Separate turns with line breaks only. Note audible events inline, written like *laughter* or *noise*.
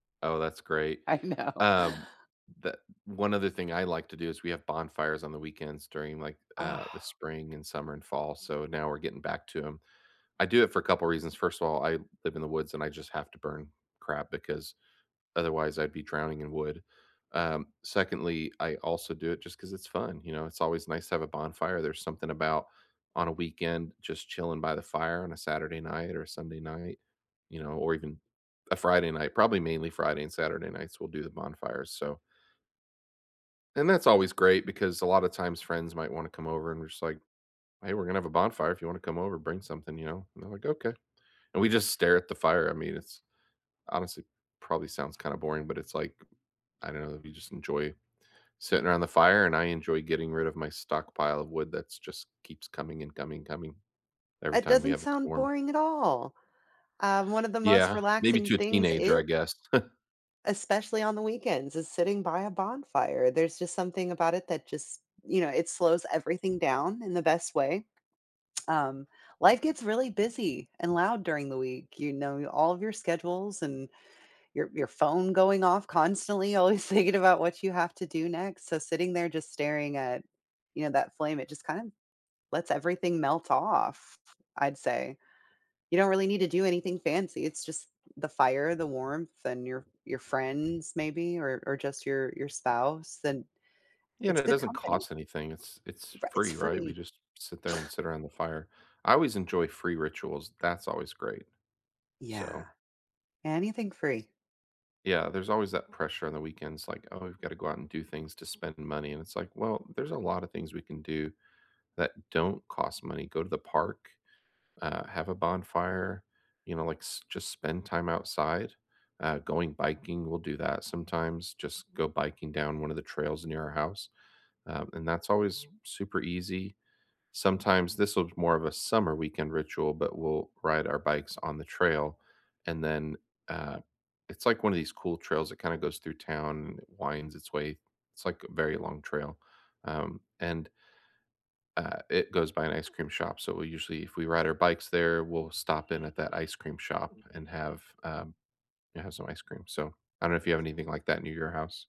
Oh, that's great.
I know.
Um, the one other thing I like to do is we have bonfires on the weekends during, like, uh,
Oh.
the spring, and summer, and fall, so now we're getting back to 'em. I do it for a couple of reasons: first of all, I live in the woods, and I just have to burn crap because otherwise I'd be drowning in wood. Um, secondly, I also do it just 'cause it's fun, you know, it's always nice to have a bonfire, there's something about on a weekend just chilling by the fire on a Saturday night, or Sunday night, you know, or even a Friday night- probably mainly Friday and Saturday nights we'll do the bonfires, so and that's always great because a lotta times friends might wanna come over and we're, just, like, "Hey, we're gonna have a bonfire. If you wanna come over, bring something," you know, and they're, like, "Okay," and we just stare at the fire, I mean, it's honestly, probably sounds kinda boring, but it's, like I don't know, we just enjoy sitting around the fire and I enjoy getting rid of my stockpile of wood that s just keeps coming and coming coming every
It
time we
doesn't
have a
sound
storm.
boring at all. Um, one of the most
Yeah, maybe
relaxing
to a
things,
teenager,
e
I guess. *chuckles*
especially on the weekends, is sitting by a bonfire. There's just something about it that just you know, it slows everything down in the best way. Um, life gets really busy and loud during the week- you know, all of your schedules and your your phone going off constantly, always thinking about what you have to do next, so sitting there just staring at, you know, that flame, it just kind of lets everything melt off, I'd say. You don't really need to do anything fancy, it's just the fire, the warmth, and your your friends maybe, or or just your your spouse, and
You know,
it's
it
good
doesn't
company.
cost anything- it's it's
Right, it's
free, right? We
free.
just sit there and
*scoffs*
sit around the fire. I always enjoy free rituals, that's always great, so
Yeah, anything free.
Yeah, there's always that pressure on the weekends, like, "Oh, we've gotta go out and do things to spend money," and it's, like, well, there's a lot of things we can do that don't cost money; go to the park, uh, have a bonfire, you know, like, s just spend time outside, uh, going biking- we'll do that sometimes, just go biking down one of the trails near our house, um, and that's always super easy. Sometimes this is more of a summer weekend ritual, but we'll ride our bikes on the trail, and then uh, it's, like, one of these cool trails that kinda goes through town and it winds its way it's, like, a very long trail, um, and uh, it goes by an ice cream shop, so we usually if we ride our bikes there, we'll stop in at that ice cream shop and have, um yeah, have some ice cream. So, I don't know if you have anything like that in your house.